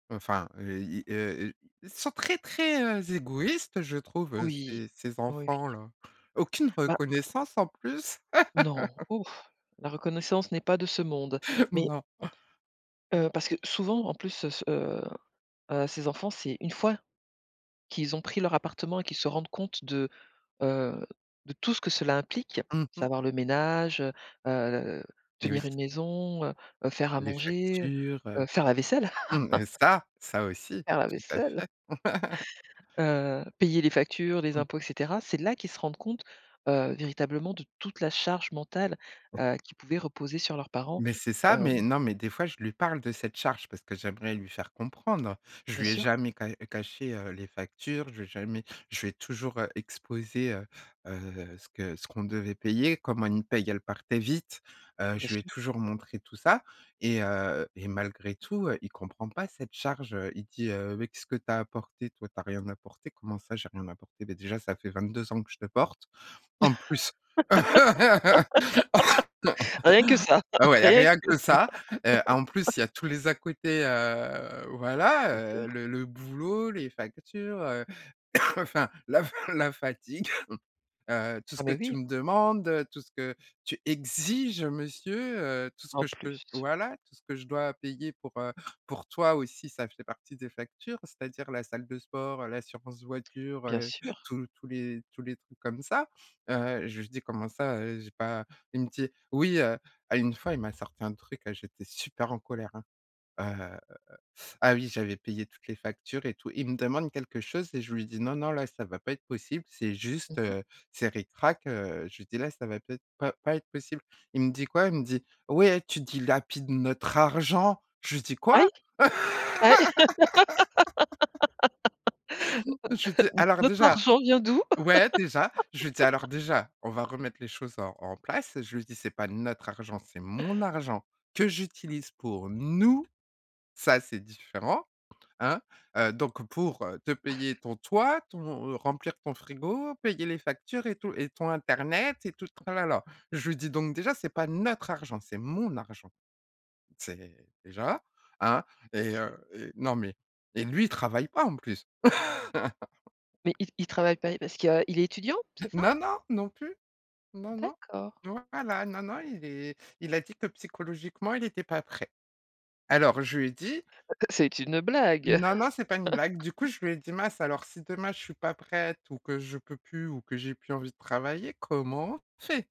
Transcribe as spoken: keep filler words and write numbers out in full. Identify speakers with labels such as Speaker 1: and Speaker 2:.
Speaker 1: Enfin, heu, ils, heu, heu, ils sont très, très, heu, égoïstes, je trouve
Speaker 2: Oui,
Speaker 1: ces ces
Speaker 2: oui.
Speaker 1: enfants-là. Aucune
Speaker 2: Ben
Speaker 1: reconnaissance, en plus.
Speaker 2: Non. Ouf. La reconnaissance n'est pas de ce monde. Mais
Speaker 1: Non. Mmh
Speaker 2: heu,
Speaker 1: mh.
Speaker 2: parce que souvent en plus, heu, s heu, heu, ces enfants, c'est une fois qu'ils ont pris leur appartement et qu'ils se rendent compte de, heu, de tout ce que cela implique,
Speaker 1: Mmh mh.
Speaker 2: savoir le ménage, heu, heu,
Speaker 1: Moui.
Speaker 2: tenir une maison, heu, heu, faire à
Speaker 1: Les
Speaker 2: manger,
Speaker 1: factures,
Speaker 2: heu,
Speaker 1: heu,
Speaker 2: faire la vaisselle,
Speaker 1: mmh et ça! Ça aussi,
Speaker 2: faire la
Speaker 1: tout à
Speaker 2: vaisselle.
Speaker 1: fait.
Speaker 2: Heu, payer les factures, les
Speaker 1: Mmh
Speaker 2: impôts et
Speaker 1: mh.
Speaker 2: cetera. C'est là qu'ils se rendent compte, heu, véritablement de toute la charge mentale,
Speaker 1: Ouais.
Speaker 2: heu, qui pouvait reposer sur leurs parents,
Speaker 1: Mais c'est ça! Mais
Speaker 2: hem
Speaker 1: non, mais des fois, je lui parle de cette charge parce que j'aimerais lui faire comprendre. Je
Speaker 2: Bien
Speaker 1: lui ai
Speaker 2: sûr.
Speaker 1: jamais ca caché, heu, les factures, je lui ai jamais je lui ai toujours, heu, exposé, heu, heu, ce que ce qu'on devait payer, comment une paye elle partait vite, heu,
Speaker 2: Bien
Speaker 1: je lui ai
Speaker 2: sûr.
Speaker 1: toujours montré tout ça et heu et malgré tout, heu, il comprend pas cette charge, heu, il dit, heu: «Mais qu'est-ce que tu as apporté, toi? Tu as rien apporté». Comment ça j'ai rien apporter? Beh, déjà ça fait vingt-deux ans que je te porte, en plus.
Speaker 2: Rien que ça,
Speaker 1: Ah ouais, il y a
Speaker 2: rien
Speaker 1: rien
Speaker 2: que
Speaker 1: que ça, heu, en
Speaker 2: ça.
Speaker 1: plus, il y a tous les à-côtés, heu, voilà,
Speaker 2: Bien sûr.
Speaker 1: heu, le le boulot, les factures, heu, enfin la fa la fatigue, heu, tout ce
Speaker 2: Ah
Speaker 1: que
Speaker 2: mais
Speaker 1: tu
Speaker 2: oui!
Speaker 1: me demandes, heu, tout ce que tu exiges monsieur, heu, tout ce
Speaker 2: En
Speaker 1: que je te
Speaker 2: plus.
Speaker 1: voilà, tout ce que je dois payer pour, heu, pour toi aussi, ça fait partie des factures, c'est-à-dire la salle de sport, l'assurance voiture,
Speaker 2: Bien
Speaker 1: heu,
Speaker 2: sûr.
Speaker 1: tous tous les tous les trucs comme ça, heu, j'ai juste dit: «Comment ça, heu, j'ai pas?» il me dit: «Oui, heu». Ah, une fois, il m'a sorti un truc, j'étais super en colère, hein, heu, ah oui, j'avais payé toutes les factures et tout. Il me demande quelque chose et je lui dis: «Non non, là, ça va pas être possible, c'est
Speaker 2: Mmh
Speaker 1: juste,
Speaker 2: mh.
Speaker 1: heu, c'est ric-rac, heu» je lui dis: «Là, ça va pas être pas pas être possible». Il me dit quoi? Il me dit: «Ouais, tu dilapides notre argent». Je lui dis:
Speaker 2: Ah
Speaker 1: «Quoi?»
Speaker 2: oui? Ah
Speaker 1: J'étais
Speaker 2: oui?
Speaker 1: alors
Speaker 2: Notre
Speaker 1: déjà
Speaker 2: argent vient d'où?
Speaker 1: ouais, déjà, je lui dis: «Alors déjà, on va remettre les choses en en place». Je lui dis: «C'est pas notre argent, c'est mon argent que j'utilise pour nous, ça c'est différent, hein? Heu, donc pour te payer ton toit, ton remplir ton frigo, payer les factures et tout et ton internet et tout le tralala». Je lui dis: «Donc déjà, c'est pas notre argent, c'est mon argent». C'est déjà, hein et
Speaker 2: OK.
Speaker 1: heu et non mais et lui, il travaille pas en plus.
Speaker 2: Mais il il travaille pas parce que, heu, il est étudiant, c'est ça?
Speaker 1: Non, non, non plus. Non, non.
Speaker 2: D'accord.
Speaker 1: Voilà. Non, non il est il a dit que psychologiquement il était pas prêt. Alors je lui ai dit
Speaker 2: Heu, heu, c'est une blague?
Speaker 1: non, non, c'est pas une blague. Du coup, je lui ai dit: «Mince alors, si demain je suis pas prête ou que je peux plus ou que j'ai plus envie de travailler, comment on fait?».